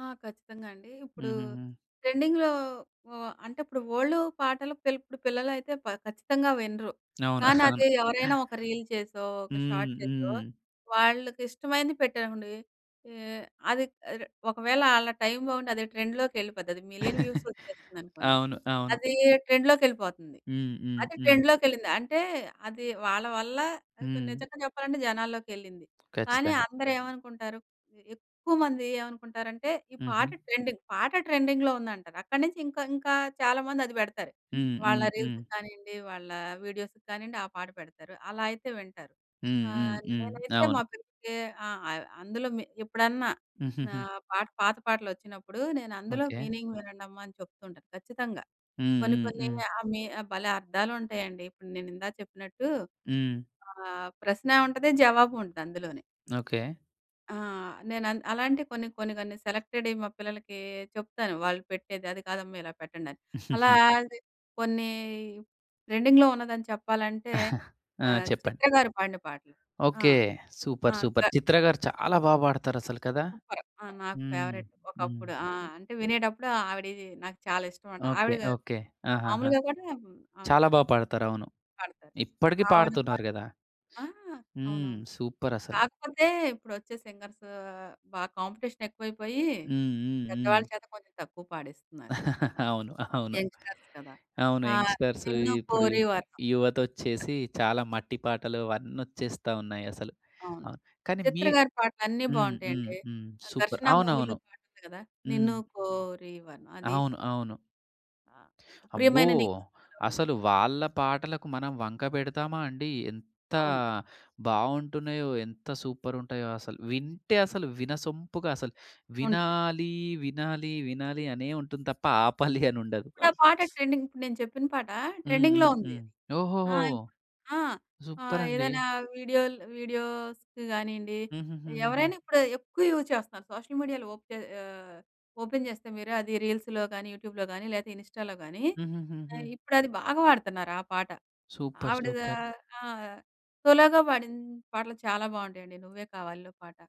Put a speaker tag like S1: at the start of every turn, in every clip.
S1: ఆ! ఖచ్చితంగా అండి. ఇప్పుడు
S2: హుహుహు.
S1: ట్రెండింగ్‌లో ఉ అంటే ఇప్పుడు ఓల్డు పాటలు పిల్ ఇప్పుడు పిల్లలైతే ప ఖచ్చితంగా వినరు.
S2: అవును. అవును.
S1: కానదీ ఎవరైనా ఒక రీల్ చేసో, ఒక
S2: హ్మ్.
S1: షార్ట్ చేసో
S2: హ్మ్.
S1: వాళ్ళకిష్టమైనది పెట్టరనుకోండి. ఏ అది ఇర ఒకవేళ ఆళ్ళ టైమ్ బావుండి అది ట్రెండ్‌లోకెళ్ళిపోద్ది. అది మిలియన్ వ్యూస్ వచ్చేస్తుందనుకోండి.
S2: అవును. అవును.
S1: అదీ ట్రెండ్‌లోకెళ్ళిపోతుంది.
S2: హ్మ్. హ్మ్.
S1: అది
S2: హ్మ్.
S1: ట్రెండ్‌లోకెళ్ళింది అంటే, అది వాళ్ళ వల్ల ఇప్పుడు
S2: హ్మ్.
S1: నిజంగా చెప్పాలంటే జనాల్లోకెళ్ళింది. కానీ
S2: ఖచ్చితంగా!
S1: అందరూ ఏమనుకుంటారు, ఎక్కువమంది ఏమనుకుంటారంటే ఈ పాట
S2: హుహు.
S1: ట్రెండింగ్. పాట ట్రెండింగ్‌లో ఉందంటారు. అక్కడి నుంచి ఇంకా, ఇంకా చాలామంది అది పెడతారు.
S2: హ్మ్.
S1: వాళ్ళ
S2: హ్మ్. హ్మ్.
S1: రీల్స్‌కి కానియండి, వాళ్ళ వీడియోస్‌కి కానియ్యండి ఆ పాట పెడతారు. అలా అయితే వింటారు.
S2: హ్మ్. హ్మ్.
S1: ఆహ్,
S2: హ్మ్.
S1: నేనైతే మా
S2: అవును.
S1: పిల్లలకి ఆహ్, ఆహ్, అందులో మె ఎప్పుడన్నా ఆహ్, పాట పాత పాటలొచ్చినప్పుడు, నేనందులో
S2: ఓకే.
S1: మీనింగ్ వినండమ్మా అని చెప్తూ ఉంటాను ఖచ్చితంగా.
S2: హ్మ్.
S1: కొన్ని
S2: హ్మ్.
S1: కొన్ని
S2: హ్మ్.
S1: ఆహ్, మి భలే అర్థాలుంటాయండి. ఇప్పుడు నేనిందాక చెప్పినట్టు
S2: హ్మ్.
S1: ఆహ్, ప్రశ్న ఉంటది. జవాబు ఉంటదందులోనే.
S2: ఓకే.
S1: ఆ! నేనన్ అలాంటియి కొన్ని, కొన్ని, కొన్ని సెలెక్టడియ్యి మా పిల్లలకీ చెప్తాను. వాళ్ళు పెట్టేది అది కాదమ్మా. ఇలా పెట్టండని. అలా ది కొన్ని ట్రెండింగ్‌లో ఉన్నదని చెప్పాలంటే
S2: ఆ!
S1: ఆహ్,
S2: చెప్పండి.
S1: చిత్ర గారు పాడిన పాట. ఆ!
S2: ఓకే.
S1: ఆ!
S2: సూపర్.
S1: గ
S2: సూపర్. చిత్ర గారు చాలా బాగా పాడతారసలు కదా!
S1: సూపర్. ఆ! నాకు
S2: హ్మ్.
S1: ఫేవరైట్
S2: హ్మ్.
S1: ఒకప్పుడు. ఆ! అంటే వినేటప్పుడు ఆవిడియ్యి నాకు చాలా ఇష్టం అట.
S2: ఓకే.
S1: ఆవిడ గారు
S2: ఓకే. ఆహాహా!
S1: మామూలుగా కూడా ఆ!
S2: చాలా బా
S1: చెప్పండి.
S2: పాడతారు. అవును.
S1: పాడతారు.
S2: ఇప్పటికి
S1: అవును.
S2: పాడుతున్నారు
S1: పాడతారు.
S2: గదా!
S1: ఆ!
S2: హ్మ్.
S1: అవునవును.
S2: సూపర్ అసలు.
S1: కాకపోతే ఇప్పుడొచ్చే సింగర్స్ బా కాంపిటీషనెక్కువైపోయి,
S2: హ్మ్. హ్మ్. హ్మ్.
S1: పెద్దవాళ్ళ చేత కొంచెం తక్కువ పాడిస్తున్నారు.
S2: అవును. అవును.
S1: యంగ్‌స్టర్స్ కదా!
S2: అవును.
S1: ఆ!
S2: యంగ్‌స్టర్స్
S1: 'నిన్ను
S2: ఇప్పుడు
S1: కోరి వర్ణం.'
S2: యువతొచ్చేసి చాలా మట్టి పాటలు అవన్నొచ్చేస్తా ఉన్నాయసలు.
S1: అవును.
S2: అవును. కానీ మీ
S1: చిత్ర గారి పాటలన్నీ
S2: హ్మ్. హ్మ్.
S1: బావుంటాయండి.
S2: హ్మ్. సూపర్.
S1: 'ఘర్షణ' మూవీలో
S2: అవునవును.
S1: పాటుంది కదా!
S2: హ్మ్.
S1: 'నిన్ను కోరి వర్ణం' అది.
S2: అవును. అవును.
S1: ఆ!
S2: అబ్బో!
S1: 'ప్రియమైన నీకు' సినిమాలో ఉంది.
S2: అసలు వాళ్ళ పాటలకు మనం వంక పెడతామా అండి? ఎంత
S1: అవును.
S2: బావుంటున్నాయో! ఎంత సూపరుంటాయో అసలు. వింటే అసలు వినసొంపుగా అసలు
S1: ఉంటది.
S2: వినాలి, వినాలి, వినాలి అనే ఉంటుంది తప్ప ఆపాలి అనుండదు. అ!
S1: ఇప్పుడా పాట ట్రెండింగ్. ఇప్పుడు నేను చెప్పిన పాట
S2: హ్మ్.
S1: ట్రెండింగ్‌లో
S2: హ్మ్.
S1: ఉంది.
S2: హ్మ్. ఓహోహో!
S1: ఆహ్, ఇప్పు ఆహ్,
S2: సూపరండి.
S1: ఏదైనా వీడియోలు వీడియోస్‌కి గానీయండి,
S2: హుహుహుహుహు.
S1: ఎవరైనా ఇప్పుడు ఎక్కువ యూజ్ చేస్తున్నారు. సోషల్ మీడియాలో ఓకే ఆహ్, ఓపెన్ చేస్తే మీరు అది రీల్స్‌లో గానీ, యూట్యూబ్‌లో గానీ లేతే ఇనిస్టాలో గానీ, ఆహ్,
S2: హుహుహుహు.
S1: ఇప్పుడది బాగా వాడతన్నారా ఆ పాట.
S2: సూపర్.
S1: ఆవిడ
S2: సూపర్.
S1: ఆహ్, ఆ! సోలోగా పాడిన పాటలు చాలా బావుంటాయండి. 'నువ్వే కావాలిలో' పాట.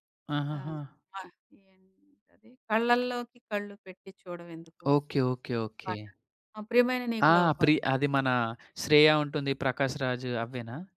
S1: ఆహ్,
S2: ఆహాహా!
S1: ఆహ్, ఏంటది, 'కళ్ళలోకి కళ్ళు పెట్టి చూడవెందుకు'
S2: ఓకే. ఓకే. ఓకే.
S1: పాట ఆహ్, 'ప్రియమైన
S2: ఆ!
S1: నీకు‌లో' ఒక పాట.
S2: ప్రి అది మన శ్రేయ ఉంటుంది. ప్రకాష్ రాజ్ అవ్వేనా?